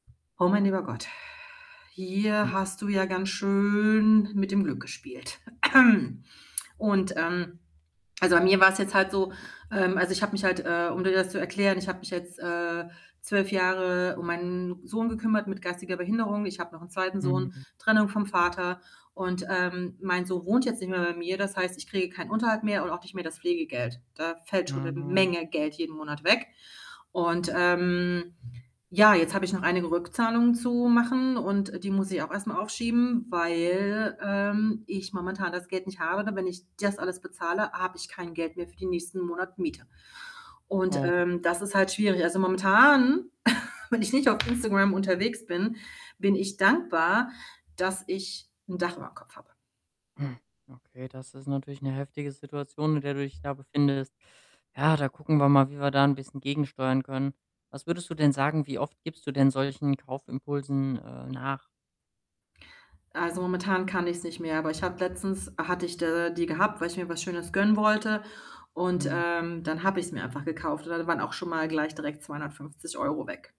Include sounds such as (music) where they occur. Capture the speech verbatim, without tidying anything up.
Oh mein lieber Gott, (exhales) Hm. hier hast du ja ganz schön mit dem Glück gespielt. (clears throat) Und, ähm also, bei mir war's jetzt halt so, ähm also, ich habe mich halt, äh, um dir das zu erklären, ich habe mich, äh, jetzt zwölf Jahre um meinen Sohn gekümmert mit geistiger Behinderung. Ich habe noch 'nen zweiten Sohn, Mhm. Trennung vom Vater und, ähm, mein Sohn wohnt jetzt nicht mehr bei mir. Das heißt, ich kriege keinen Unterhalt mehr und auch nicht mehr das Pflegegeld. Da fällt schon 'ne Mhm. Menge Geld jeden Monat weg. Und, ähm, ja, jetzt habe ich noch einige Rückzahlungen zu machen und die muss ich auch erstmal aufschieben, weil, ähm, ich momentan das Geld nicht habe. Und wenn ich das alles bezahle, habe ich kein Geld mehr für die nächsten Monat Miete. Und, Oh. ähm, das ist halt schwierig. Also, momentan, (chuckles) wenn ich nicht auf Instagram unterwegs bin, bin ich dankbar, dass ich 'n Dach überm Kopf habe. Hm. Okay, das ist natürlich 'ne heftige Situation, in der du dich da befindest. Ja, da gucken wir mal, wie wir da 'n bisschen gegensteuern können. Was würdest du denn sagen, wie oft gibst du denn solchen Kaufimpulsen, äh, nach? Also, momentan kann ich's nicht mehr, aber ich habe letztens hatte ich da die gehabt, weil ich mir was Schönes gönnen wollte und, Hm. ähm, dann habe ich's mir einfach gekauft und dann waren auch schon mal gleich direkt zweihundertfünfzig Euro weg.